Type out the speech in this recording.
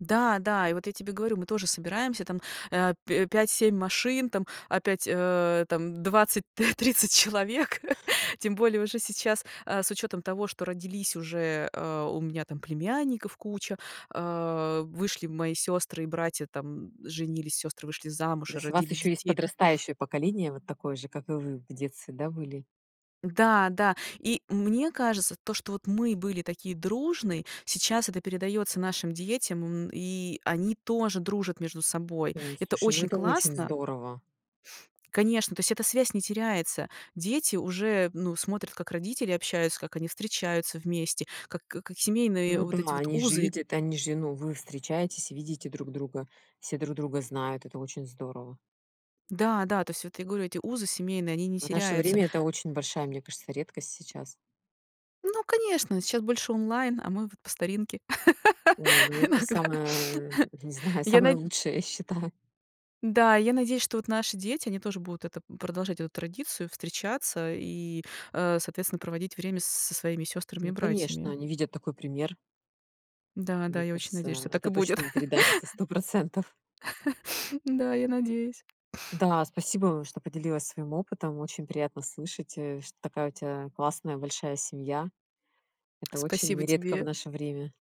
Да, да. И вот я тебе говорю, мы тоже собираемся там, э, п пять-семь машин, там опять, э, там 20 т 30 человек. Тем более уже сейчас, э, с учётом того, что родились уже, э, у меня там племянников куча, э, вышли мои сёстры- и братья там женились, сёстры вышли То замуж и есть у вас родили еще есть детей, то есть подрастающее поколение, вот такое же, как и вы в детстве, да, были? Да, да. И мне кажется, то, что вот мы были такие дружные, сейчас это передается нашим детям, м, и они тоже дружат между собой. Ой, Это слушай, ну очень это очень классно здорово. Конечно. То есть эта связь не теряется. Дети уже, ну, смотрят, как родители общаются, как они встречаются вместе, как как семейные Ну вот эти да, вот они же узы видят, они же ну, вы встречаетесь, видите друг друга. Все друг друга знают. Это очень здорово. Да, да, то есть вот я говорю, эти узы семейные, они не В наше теряются. время это очень большая, мне кажется, редкость сейчас. Ну, конечно, сейчас больше онлайн, а мы вот по старинке. Ой, ну это Иногда. самое не знаю, Я самое на лучшее, я считаю. Да, я надеюсь, что вот наши дети, они тоже будут это продолжать эту традицию, встречаться и, э, соответственно, проводить время с со своими сёстрами и Ну конечно, братьями. они видят такой пример. Да, да, Мне я очень надеюсь, кажется, что так это и будет. точно им передастся. 100 %. Да, я надеюсь. Да, спасибо, что поделилась своим опытом. Очень приятно слышать, э, что такая у тя классная, большая семья. Это очень Спасибо редко в тебе. наше время.